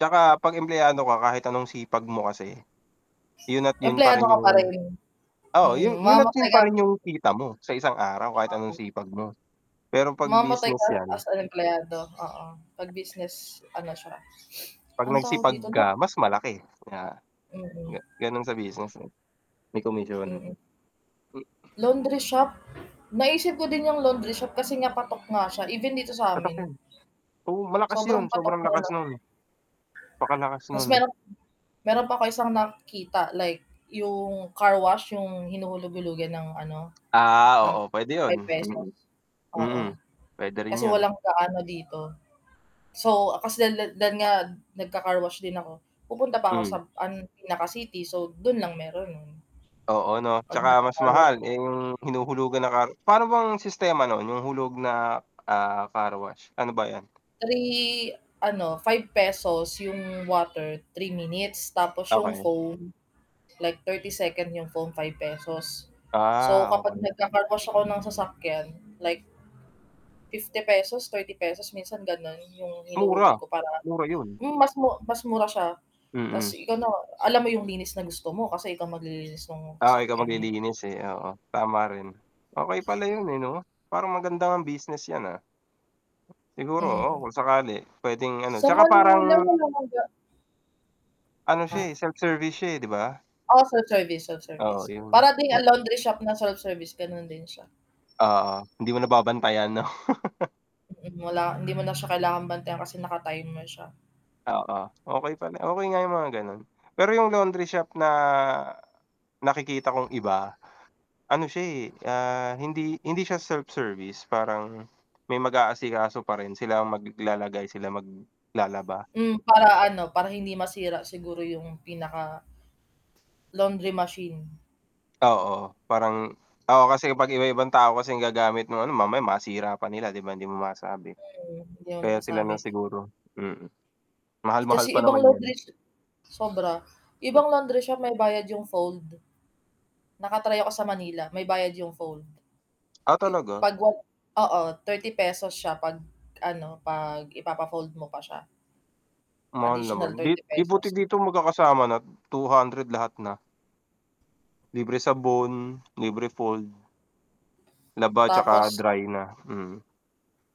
Tsaka, 'pag empleyado ka, kahit anong sipag mo kasi, 'yon at 'yon pa Empleyado rin ka pa rin. yung oo, Mm, 'yon 'yon at mamatay 'yon pa kang rin yung kita mo, sa 1 araw, kahit anong Oo. sipag mo. Pero 'pag Mamamatay ka business yan as an empleyado, oo. 'Pag business, ano siya, 'pag anong tawag nagsipag dito na? ka, mas malaki, nga Mm. ga gano'n sa business, eh, may komisyon. Mm. M Laundry shop? Naisip ko din yung laundry shop, kasi nga patok nga siya, even dito Patok sa'min. 'yon. Oo, malakas Sobrang 'yon, patok, sobrang eh, lakas 'no? no'n. Pakalakas Tapos no'n. merong meron pa ako isang nakikita, like yung carwash, yung hinuhulug-hulugan ng ano, Ah, ng oo, puwede 'yon, ₱5, mm. Mm, oo, puwede rin kasi 'yon. walang gaano dito. So, ah, kasi lan lan lan nga, nagka-carwash din ako, pupunta pa ako sa Hmm. an pinaka-city, so, do'n lang meron no'n. Oo, 'no, 'Pag tsaka mas nagkaka-carwash mahal, ako. eh, yung hinuhulugan na car pa'no bang sistema no'n, yung hulog na, ah, carwash, pa'no ba yan? 3 ano, ₱5 yung water, 3 minutes, tapos yung Okey. phone, like 30 seconds yung phone ₱5. So, Ah, kapag okey. nagkaka-carwash ako ng sasakyan, like ₱50, ₱30 minsan gano'n, yung Mura, hinuhulog ko para mura 'yon. hmm, mas mu mas mura siya, tapos Mm. ikaw na, alam mo yung linis na gusto mo, kasi ikaw maglilinis no'ng Oo, ikaw sasakyan mo. maglilinis, eh, oo, tama rin. Okey pala 'yon, eh, 'no? Parang maganda ngang business yan, ah. Siguro, oo, Hmm. kung sakali puwedeng ano, Sa tsaka parang Manila, wala ng ga Ano siya, eh, Ha? self-service siya, eh, 'di ba? Oo, self-service, self-service. Oo, yung Para din ang laundry shop na self-service, gano'n din siya. Oo, hindi mo na babantayan, 'no? Mm, wala hindi mo na siya kailangang bantayan, kasi naka-timer siya. Oo. Okey pala, okey nga yung mga gano'n. Pero yung laundry shop na, nakikita kong iba, ano siya, eh, ah, hindi hindi siya self-service. Parang, may mag-aasikaso pa rin, sila ang maglalagay, sila maglalaba. Hmm, para ano, para hindi masira siguro yung pinaka laundry machine. Oo, parang oo, kasi kapag iba-ibang tao kasi ang gagamit no'ng ano, mamaya masira pa nila, 'di ba, hindi mo masabi. Mhm, hindi mo Kaya sila lang masasabi. siguro, mm. Mahal-mahal Kasi pa ibang naman laundry yan. sho sobra. Hmm. Ibang laundry shop, may bayad yung fold. Naka-try ako sa Manila, may bayad yung fold. Ah, I talaga? 'pag wal oo, ₱30 siya 'pag ano, 'pag ipapa-fold mo pa siya. Mahal Additional naman. 'Di thirty di buti pesos. dito magkakasama na, 200, lahat na. Libre sabon, libre fold. Laba, tsaka Tapos dry na, mhm.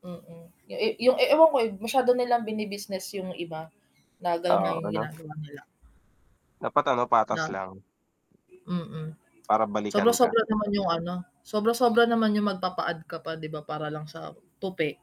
Mm, yung e yung e ewan ko, eh, masyado nilang bini-business yung iba, na gano'n nga Oo, yung ano? ginagawa nila. Dapat ano patas Na lang. mm, Para balikan ka. sobra-sobra naman yung ano, sobra-sobra naman yung magpapa-add ka pa, 'di ba, para lang sa, tupi.